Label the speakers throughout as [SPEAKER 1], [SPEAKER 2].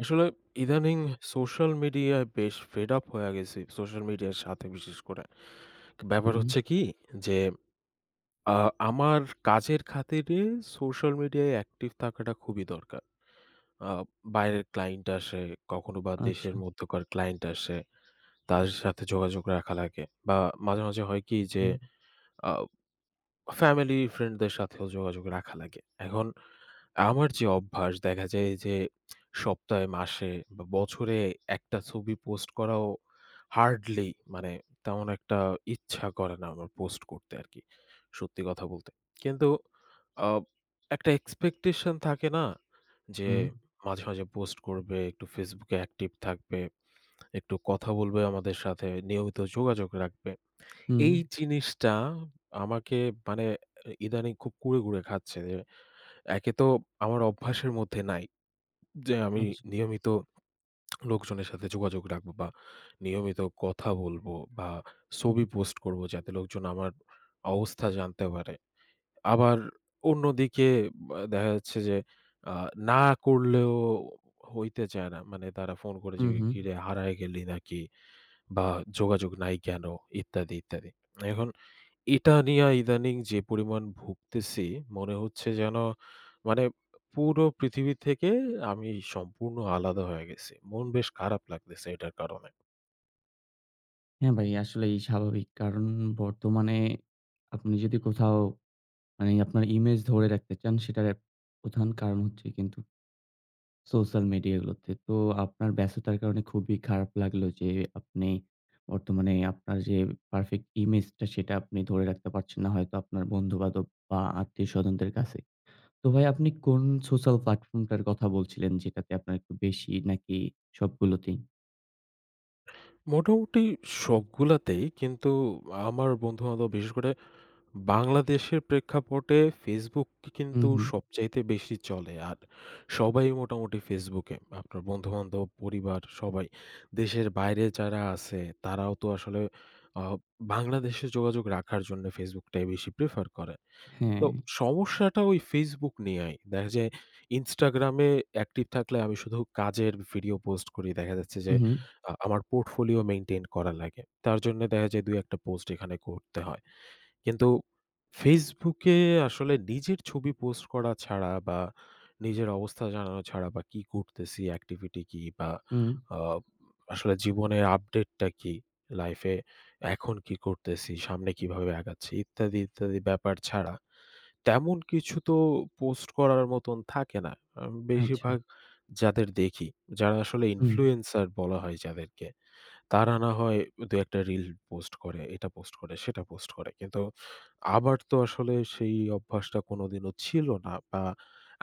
[SPEAKER 1] আসলে ইদানিং social media বেশ fed up হইয়া গেছি। social media-র সাথে বিশেষ করে। ব্যাপার হচ্ছে
[SPEAKER 2] হুম।
[SPEAKER 1] কি? যে আ আমার কাজের খাতিরে social media -য় active থাকাটা খুবই দরকার। আ বাইরের client আসে, কখনো বা দেশের
[SPEAKER 2] আচ্ছা।
[SPEAKER 1] মধ্যকার client আসে, তাদের সাথে যোগাযোগ রাখা লাগে বা মাঝে, মাঝে হয় কি? যে,
[SPEAKER 2] হুম।
[SPEAKER 1] আ family, friend-দের সাথেও যোগাযোগ রাখা লাগে। এখন আমার যে অভ্যাস দেখা যায় যে, সপ্তাহে, মাসে বা বছরে একটা ছবি post করাও hardly মানে তেমন একটা ইচ্ছা করে না আমার post করতে আর কি, সত্যি কথা বলতে। কিন্তু আ একটা expectation থাকে না যে
[SPEAKER 2] হুম।
[SPEAKER 1] মাঝে, মাঝে post করবে, একটু Facebook -এ active থাকবে, একটু কথা বলবে আমাদের সাথে, নিয়মিত যোগাযোগ রাখবে।
[SPEAKER 2] হুম।
[SPEAKER 1] এই জিনিসটা আমাকে মানে ইদানিং খুব কুড়ে, কুড়ে খাচ্ছে যে, একে তো আমার অভ্যাসের মধ্যে নাই যে আমি
[SPEAKER 2] আচ্ছা।
[SPEAKER 1] নিয়মিত লোকজনের সাথে যোগাযোগ রাখবো বা নিয়মিত কথা বলবো বা ছবি post করবো, যাতে লোকজন আমার অবস্থা জানতে পারে। আবার অন্যদিকে ব্য দেখা যাচ্ছে যে, আ না করলেও হইতে চায় না। মানে তারা phone করে
[SPEAKER 2] হু,
[SPEAKER 1] জিগায়
[SPEAKER 2] হু।
[SPEAKER 1] "কিরে হারায় গেলি নাকি বা যোগাযোগ নাই কেনো?" ইত্যাদি, ইত্যাদি। এখন এটা নিয়া ইদানিং যে পরিমাণ ভুগতেছি, মনে হচ্ছে যেন মানে পুরো পৃথিবী থেকে আমি সম্পূর্ণ আলাদা হয়ে গেছি। মন বেশ খারাপ লাগতেছে এটার কারণে।
[SPEAKER 2] হ্যাঁ, ভাই আসলেই স্বাভাবিক। কারণ বর্তমানে আপনি যদি কোথাও মানে আপনার image ধরে রাখতে চান, সেটার এক প্রধান কারণ হচ্ছে কিন্তু social media গুলোতে। তো আপনার ব্যস্ততার কারণে খুবই খারাপ লাগলো যে আপনি বর্তমানে আপনার যে perfect image টা, সেটা আপনি ধরে রাখতে পারছেন ন। হয়তো আপনার বন্ধুবান্ধব বা আত্মীয়-স্বজনদের কাছে। তো ভাই আপনি কোনো social platform টার কথা বলছিলেন যেটাতে আপনার একটু বেশি নাকি সবগুলোতেই?
[SPEAKER 1] মোটামুটি সবগুলাতেই কিন্তু আমার বন্ধু-বান্ধব বিশেষ করে বাংলাদেশের প্রেক্ষাপটে Facebook কি
[SPEAKER 2] হু,
[SPEAKER 1] কিন্তু
[SPEAKER 2] হু।
[SPEAKER 1] সবচাইতে বেশি চলে। আর সবাই মোটামুটি Facebook-এ, আপনার বন্ধু-বান্ধব, পরিবার সবাই। দেশের বাইরে যারা আছে তারাও তো আসলে আ বাংলাদেশে যোগাযোগ রাখার জন্য Facebook-টাই বেশি prefer করে। তো
[SPEAKER 2] হ্যাঁ।
[SPEAKER 1] সমস্যাটা ওই Facebook নিয়াই। দেখা যায় Instagram-এ active থাকলে আমি শুধু কাজের video post করি। দেখা যাচ্ছে
[SPEAKER 2] হু,
[SPEAKER 1] যে
[SPEAKER 2] হু।
[SPEAKER 1] আ আমার portfolio maintain করা লাগে। তার জন্যে দেখা যায় ২,১ টা post এখানে করতে হয়। কিন্তু Facebook-এ আসলে নিজের ছবি post করা ছাড়া বা নিজের অবস্থা জানানো ছাড়া বা কি করতেছি, activity কি বা
[SPEAKER 2] হু।
[SPEAKER 1] আ আসলে জীবনের update-টা কি, life-এ এখন কি করতেছি, সামনে কিভাবে আগাচ্ছি ইত্যাদি, ইত্যাদি ব্যাপার ছাড়া তেমন কিছু তো post করার মতন থাকে না। আম
[SPEAKER 2] আচ্ছা।
[SPEAKER 1] বেশিরভাগ যাদের দেখি, যারা আসলে
[SPEAKER 2] হুম।
[SPEAKER 1] influencer বলা হয় যাদেরকে। তারা না হয় ২,১ টা reel post করে, এটা post করে, সেটা post করে। কিন্তু আমার তো আসলে সেই অভ্যাসটা কোনোদিনও ছিল না বা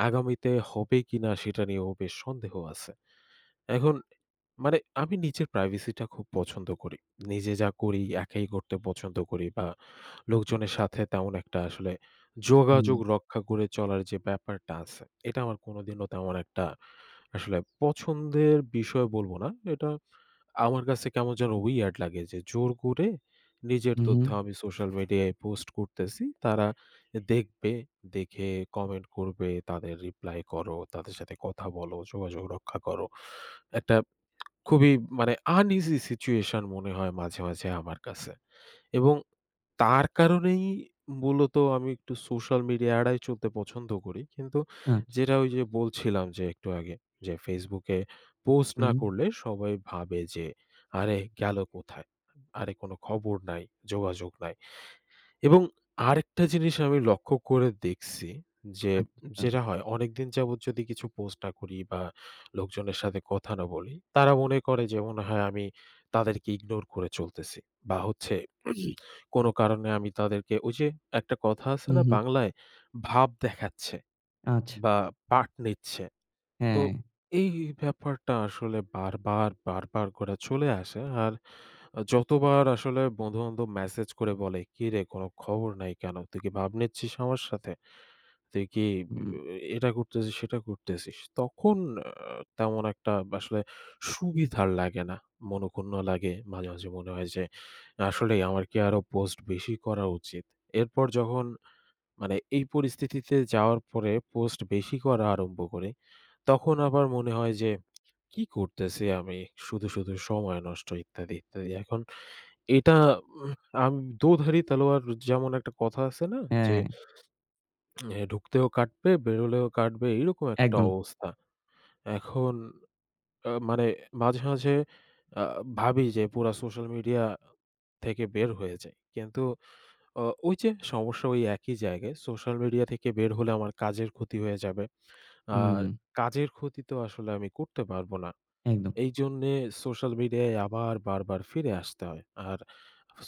[SPEAKER 1] আগামীতে হবে কিনা সেটা নিয়েও বেশ সন্দেহ আছে। এখন মানে আমি নিজের privacy-টা খুব পছন্দ করি। নিজে যা করি একাই করতে পছন্দ করি বা লোকজনের সাথে তেমন একটা আসলে
[SPEAKER 2] হুম।
[SPEAKER 1] যোগাযোগ রক্ষা করে চলার যে ব্যাপারটা আছে, এটা আমার কোনোদিনও তেমন একটা আসলে পছন্দের বিষয় বলব না, এটা আমার কাছে কেমন যেন weird লাগে যে জোর করে নিজের
[SPEAKER 2] হু,
[SPEAKER 1] তথ্য
[SPEAKER 2] হু।
[SPEAKER 1] আমি social media-য় post করতেছি। তারা এ দেখবে, দেখে comment করবে, তাদের reply করো, তাদের সাথে কথা বলো, যোগাযোগ রক্ষা করো। একটা খুবই মানে uneasy situation মনে হয় মাঝে, মাঝে আমার কাছে। এবং তার কারণেই মূলত আমি একটু social media এড়ায় চলতে পছন্দ করি। কিন্তু
[SPEAKER 2] আচ্ছা।
[SPEAKER 1] যেটা ওই যে বলছিলাম যে একটু আগে। যে Facebook-এ post না
[SPEAKER 2] হুম।
[SPEAKER 1] করলে সবাই ভাবে যে "আরে গেল কোথায়? আরে কোনো খবর নাই, যোগাযোগ নাই।" এবং আরেকটা জিনিস আমি লক্ষ্য করে দেখছি যে
[SPEAKER 2] আচ্ছা।
[SPEAKER 1] যেটা হয় অনেকদিন যাবৎ যদি কিছু post না করি বা লোকজনের সাথে কথা না বলি, তারা মনে করে যে মনে হয় আমি তাদেরকে ignore করে চলতেছি। বা হচ্ছে কোনো কারণে আমি তাদেরকে ওই যে একটা কথা আছে
[SPEAKER 2] হু,
[SPEAKER 1] না
[SPEAKER 2] হু।
[SPEAKER 1] বাংলায়? ভাব দেখাচ্ছে
[SPEAKER 2] আচ্ছা।
[SPEAKER 1] বা পাট নিচ্ছে। তো
[SPEAKER 2] হ্যাঁ।
[SPEAKER 1] এই ব্যাপারটা আসলে বারবার, বারবার করে চলে আসে। আর আ যতবার আসলে বন্ধু-বান্ধব message করে বলে "কিরে কোনো খবর নাই কেন? তুই কি ভাব নিচ্ছিস আমার সাথে? তুই কি এ
[SPEAKER 2] হুম।
[SPEAKER 1] এটা করতেছিস সেটা করতেছিস?" তখন অ্যা তেমন একটা আসলে সুবিধার লাগে না, মনঃক্ষুণ্ণ লাগে। মাঝে, মাঝে মনে হয় যে আসলেই আমার কি আরও post বেশি করা উচিত? এরপর যখন মানে এই পরিস্থিতিতে যাওয়ার পরে post বেশি করা আরম্ভ করি, তখন আবার মনে হয় যে কি করতেছি আমি? শুধু, শুধু সময় নষ্ট ইত্যাদি, ইত্যাদি। এখন এটা ওহ আমি দোধারি তালোয়ার যেমন একটা কথা আছে না? যে
[SPEAKER 2] হ্যাঁ।
[SPEAKER 1] এ ঢুকতেও কাটবে বেরোলেও কাটবে এইরকম একটা
[SPEAKER 2] একদম।
[SPEAKER 1] অবস্থা। এখন অ্যা মানে মাঝে, মাঝে আ ভাবি যে পুরা social media থেকে বের হয়ে যাই। কিন্তু অ ওই যে সমস্যা ওই একই জায়গায় social media থেকে বের হলে আমার কাজের ক্ষতি হয়ে যাবে। আর
[SPEAKER 2] হুম।
[SPEAKER 1] কাজের ক্ষতি তো আসলে আমি করতে পারব না।
[SPEAKER 2] একদম।
[SPEAKER 1] এইজন্যে social media-য় আবার বারবার ফিরে আসতে হয়। আর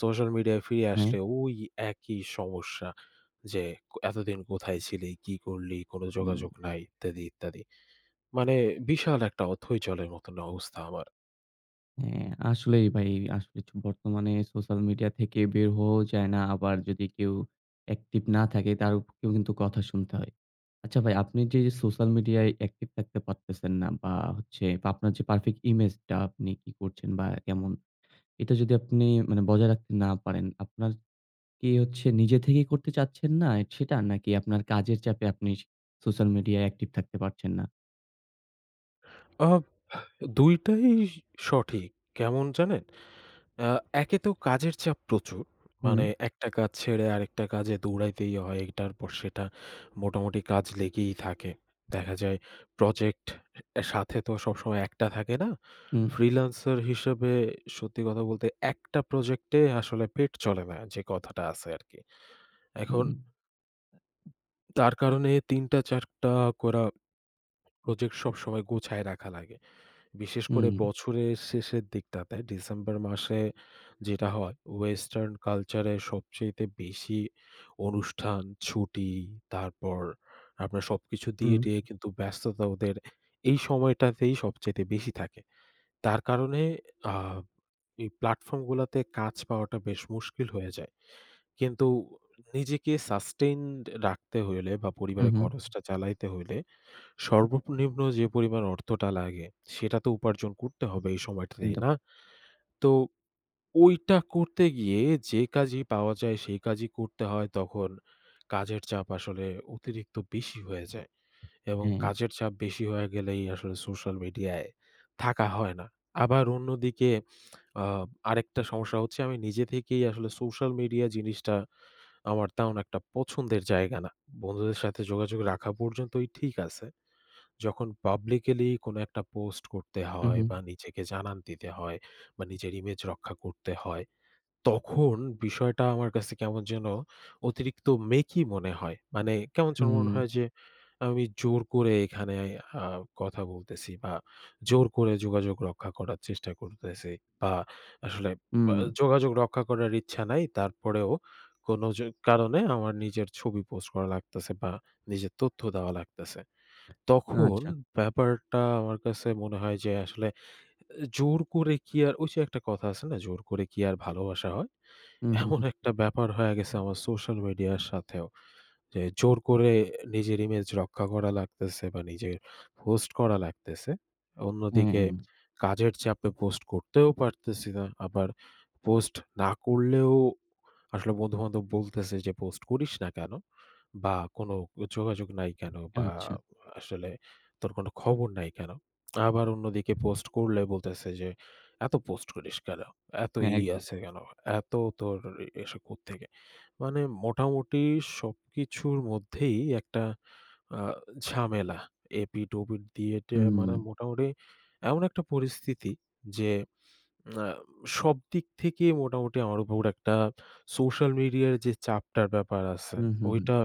[SPEAKER 1] social media-য় ফিরে
[SPEAKER 2] হ্যাঁ।
[SPEAKER 1] আসলে ওই একই সমস্যা যে ক "এতদিন কোথায় ছিলে? কি করলি? কোনো
[SPEAKER 2] উম
[SPEAKER 1] যোগাযোগ নাই ইত্যাদি, ইত্যাদি।" মানে বিশাল একটা অথৈ জলের মতন অবস্থা আমার।
[SPEAKER 2] হ্যাঁ, আসলেই ভাই আসলে চ বর্তমানে সোশ্যাল মিডিয়া থেকে বের হওয়া যায় না, আবার যদি কেউ একটিভ না থাকে তার উপরেও কিন্তু কথা শুনতে হয়। আচ্ছা ভাই আপনি যে সোশ্যাল মিডিয়ায় একটিভ থাকতে পারতেছেন না বা হচ্ছে বা আপনার যে পারফেক্ট ইমেজটা আপনি কি করছেন বা কেমন? এটা যদি আপনি মানে বজায় রাখতে না পারেন আপনার কি হচ্ছে নিজে থেকেই করতে চাচ্ছেন না সেটা? নাকি আপনার কাজের চাপে আপনি সোশ্যাল মিডিয়ায় একটিভ থাকতে পারছেন না?
[SPEAKER 1] আ ২ টাই সঠিক, কেমন জানেন? আ একে তো কাজের চাপ প্রচুর, মানে
[SPEAKER 2] হুম।
[SPEAKER 1] একটা কাজ ছেড়ে আরেকটা কাজে দৌড়াইতেই হয়, এটার পর সেটা, মোটামুটি কাজ লেগেই থাকে। দেখা যায় প্রজেক্ট সাথে তো সবসময় একটা থাকে না।
[SPEAKER 2] হুম।
[SPEAKER 1] ফ্রীলান্সার হিসেবে সত্যি কথা বলতে ১টা প্রজেক্টে আসলে পেট চলে না যে কথাটা আছে আরকি। এখন
[SPEAKER 2] উম।
[SPEAKER 1] ...তার কারণে ৩ টা ৪ টা করা প্রজেক্ট সবসময় গোছায় রাখা লাগে। বিশেষ করে
[SPEAKER 2] হুম।
[SPEAKER 1] বছরের শেষের দিকটাতে, ডিসেম্বর মাসে যেটা হয়, ওয়েস্টার্ন কালচারে সবচাইতে বেশি অনুষ্ঠান, ছুটি তারপর আপনার সবকিছু দিয়ে
[SPEAKER 2] হুম।
[SPEAKER 1] টিয়ে কিন্তু ব্যস্ততা ওদের এই সময়টাতেই সবচাইতে বেশি থাকে। তার কারণে আ এই প্লাটফর্মগুলোতে কাজ পাওয়াটা বেশ মুশকিল হয়ে যায়। কিন্তু নিজেকে সাস্টেইনড রাখতে হইলে বা
[SPEAKER 2] হু,
[SPEAKER 1] পরিবারের
[SPEAKER 2] হু।
[SPEAKER 1] খরচটা চালাইতে হইলে সর্বনিম্ন যে পরিমাণ অর্থটা লাগে, সেটা তো উপার্জন করতে হবে এই সময়টাতেই,
[SPEAKER 2] একদম।
[SPEAKER 1] না? তো ওইটা করতে গিয়ে যে কাজই পাওয়া যায় সেই কাজই করতে হয়। তখন কাজের চাপ আসলে অতিরিক্ত বেশি হয়ে যায় এবং
[SPEAKER 2] হ্যাঁ।
[SPEAKER 1] কাজের চাপ বেশি হয়ে গেলেই আসলে সোশ্যাল মিডিয়ায় থাকা হয় না। আবার অন্যদিকে আ আরেকটা সমস্যা হচ্ছে আমি নিজে থেকেই আসলে সোশ্যাল মিডিয়া জিনিসটা আমার তেমন একটা পছন্দের জায়গা না। বন্ধুদের সাথে যোগাযোগ রাখা পর্যন্তই ঠিক আছে। যখন পাবলিক্যালি কোন একটা পোস্ট করতে
[SPEAKER 2] হু,
[SPEAKER 1] হয় বা
[SPEAKER 2] হু।
[SPEAKER 1] নিজেকে জানান দিতে হয় বা নিজের ইমেজ রক্ষা করতে হয়, তখন বিষয়টা আমার কাছে কেমন যেন অতিরিক্ত মেকি মনে হয়। মানে কেমন যেন মনে
[SPEAKER 2] হুম।
[SPEAKER 1] হয় যে, আমি জোর করে এখানে আ কথা বলতেছি বা জোর করে যোগাযোগ রক্ষা করার চেষ্টা করতেছি বা আসলে ব্যা
[SPEAKER 2] উম।
[SPEAKER 1] যোগাযোগ রক্ষা করার ইচ্ছা নাই, তারপরেও কোন য কারণে আমার নিজের ছবি পোস্ট করা লাগতেছে বা নিজের তথ্য দেওয়া লাগতেছে। তখন
[SPEAKER 2] আচ্ছা।
[SPEAKER 1] ব্যাপারটা আমার কাছে মনে হয় যে আসলে এ জোর করে কি আর, ওই যে একটা কথা আছে না, "জোর করে কি আর ভালোবাসা হয়?"
[SPEAKER 2] হু, হু,
[SPEAKER 1] এমন
[SPEAKER 2] হু।
[SPEAKER 1] একটা ব্যাপার হয়ে গেছে আমার সোশ্যাল মিডিয়ার সাথেও যে, জোর করে নিজের ইমেজ রক্ষা করা লাগতেছে বা নিজের পোস্ট করা লাগতেছে। অন্যদিকে
[SPEAKER 2] হুম।
[SPEAKER 1] কাজের চাপে পোস্ট করতেও পারতেছি না। আবার পোস্ট না করলেও আসলে বন্ধু-বান্ধব বলতেছে যে "পোস্ট করিস না কেনো?" বা "কোনো যোগাযোগ নাই কেনো?" বা
[SPEAKER 2] আচ্ছা।
[SPEAKER 1] আসলে "তোর কোন খবর নাই কেনো?" আবার অন্যদিকে পোস্ট করলে বলতেছে যে, "এত পোস্ট করিস কেনো? এত ই
[SPEAKER 2] এক
[SPEAKER 1] আসে কেনো? এত তোর এ এসে কোত্থেকে?" মানে মোটামুটি সবকিছুর মধ্যেই একটা আ ঝামেলা। এপিঠ-ওপিঠ দিয়ে-টিয়ে মানে
[SPEAKER 2] হুম।
[SPEAKER 1] মোটামুটি এমন একটা পরিস্থিতি যে, আ সব দিক থেকেই মোটামুটি আমার উপর একটা সোশ্যাল মিডিয়ার যে চাপটার ব্যাপার আছে,
[SPEAKER 2] হু, হু, হু।
[SPEAKER 1] ওইটা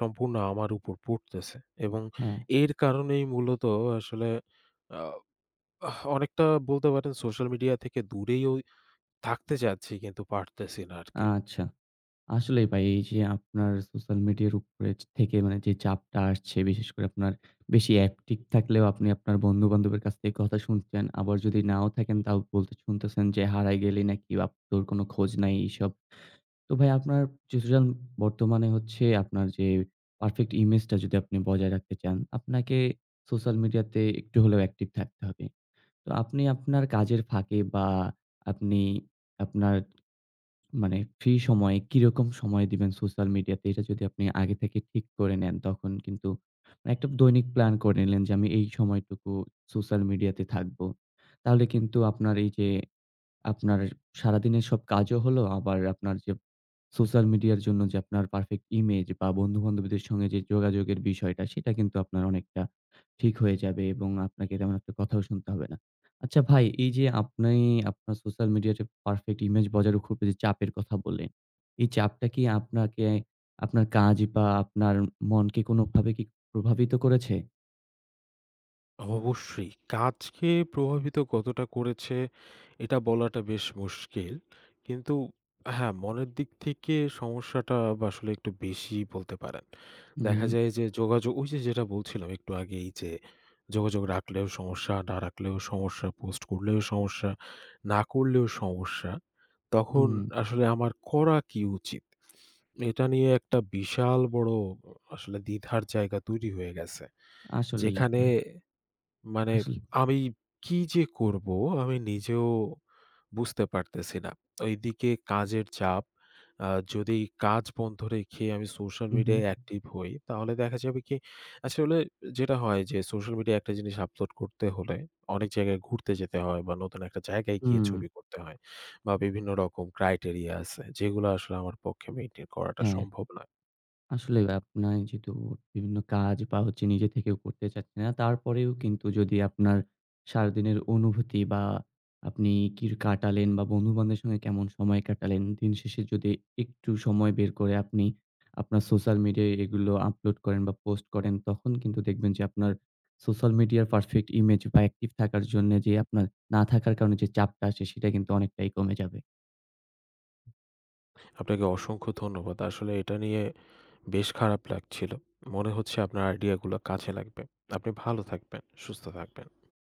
[SPEAKER 1] সম্পূর্ণ আমার উপর পড়তেছে এবং
[SPEAKER 2] হ্যাঁ।
[SPEAKER 1] এর কারণেই মূলত আসলে আ অনেকটা বলতে পারেন সোশ্যাল মিডিয়া থেকে দূরে ওই থাকতে চাচ্ছি, কিন্তু পারতেছি না আরকি।
[SPEAKER 2] আচ্ছা। আসলেই ভাই এইযে আপনার সোশ্যাল মিডিয়ার উপরে থেকে মানে যে চাপটা আসছে, বিশেষ করে আপনার বেশি একটিভ থাকলেও আপনি আপনার বন্ধু-বান্ধবের কাছ থেকে কথা শুনতেছেন, আবার যদি নাও থাকেন তাও শুনতেছেন যে, "হারায় গেলে নাকি? আপ তোর কোন খোঁজ নাই" এইসব। তো ভাই আপনার সিচুয়েশন বর্তমানে হচ্ছে আপনার যে পারফেক্ট ইমেজটা যদি আপনি বজায় রাখতে চান, আপনাকে সোশ্যাল মিডিয়াতে একটু হলেও একটিভ থাকতে হবে। তো আপনি আপনার কাজের ফাঁকে বা আপনি আপনার মানে ফ্রি সময়ে কিরকম সময় দিবেন সোশ্যাল মিডিয়াতে এটা যদি আপনি আগে থেকে ঠিক করে নেন তখন কিন্তু মানে একটা দৈনিক প্ল্যান করে নিলেন যে, আমি এই সময়টুকু সোশ্যাল মিডিয়াতে থাকবো। তাহলে কিন্তু আপনার এই যে, আপনার সারাদিনের সব কাজও হলো আবার আপনার যে সোশ্যাল মিডিয়ার জন্য যে আপনার পারফেক্ট ইমেজ বা বন্ধু-বান্ধবীদের সঙ্গে যে যোগাযোগের বিষয়টা সেটা কিন্তু আপনার অনেকটা ঠিক হয়ে যাবে এবং আপনাকে এরকম একটা কথাও শুনতে হবে না। আচ্ছা ভাই, এই যে আপনি, আপনার সোশ্যাল মিডিয়াতে পারফেক্ট ইমেজ বজায় রাখার খুব এই যে চাপের কথা বললেন, এই চাপটা কি আপনাকে, আপনার কাজ বা আপনার মনকে কোনভাবে কি প্রভাবিত করেছে?
[SPEAKER 1] অ অবশ্যই। কাজকে প্রভাবিত কতটা করেছে এটা বলাটা বেশ মুশকিল। কিন্তু হ্যাঁ, মনের দিক থেকে সমস্যাটা আসলে একটু বেশিই বলতে পারেন। দেখা
[SPEAKER 2] হুম।
[SPEAKER 1] যায় যে যোগাযোগ, ওই যে যেটা বলছিলাম একটু আগেই যে যোগাযোগ রাখলেও সমস্যা, না রাখলেও সমস্যা, post করলেও সমস্যা, না করলেও সমস্যা। তখন
[SPEAKER 2] হুম।
[SPEAKER 1] আসলে আমার করা কি উচিত? এটা নিয়ে একটা বিশাল বড় অ আসলে দ্বিধার জায়গা তৈরি হয়ে গেছে।
[SPEAKER 2] আসলেই হু।
[SPEAKER 1] যেখানে মানে
[SPEAKER 2] আসলে।
[SPEAKER 1] আমি কি যে করব আমি নিজেও বুঝতে পারতেছি না। এইদিকে কাজের চাপ। আ যদি কাজ বন্ধ রেখে আমি social
[SPEAKER 2] হুম,
[SPEAKER 1] media-য়
[SPEAKER 2] হুম।
[SPEAKER 1] active হই তাহলে দেখা যাবে কি? আসলে যেটা হয় যে social media একটা জিনিস upload করতে হলে অনেক জায়গায় ঘুরতে যেতে হয় বা নতুন একটা জায়গায় গিয়ে
[SPEAKER 2] হুম।
[SPEAKER 1] ছবি করতে হয়। বা বিভিন্ন রকম criteria আছে যেগুলা আসলে আমার পক্ষে maintain করাটা
[SPEAKER 2] হ্যাঁ।
[SPEAKER 1] সম্ভব না।
[SPEAKER 2] আসলে ভাই আপনি যেহেতু বিভিন্ন কাজ বা হচ্ছে নিজে থেকেও করতে চাচ্ছে না, তারপরেও কিন্তু যদি আপনার সারাদিনের অনুভূতি বা আপনি কির কাটালেন বা বন্ধুবান্ধবের সঙ্গে কেমন সময় কাটালেন, দিনশেষে যদি একটু সময় বের করে আপনি আপনার social media-য় এগুলো upload করেন বা post করেন, তখন কিন্তু দেখবেন যে আপনার social media-র perfect image বা active থাকার জন্যে যে আপনার না থাকার কারণে যে চাপটা আছে, সেটা কিন্তু অনেকটাই কমে যাবে।
[SPEAKER 1] আপনাকে অসংখ্য ধন্যবাদ। আসলে এটা নিয়ে বেশ খারাপ লাগছিল। মনে হচ্ছে আপনার idea গুলা কাজে লাগবে। আপনি ভালো থাকবেন, সুস্থ থাকবেন।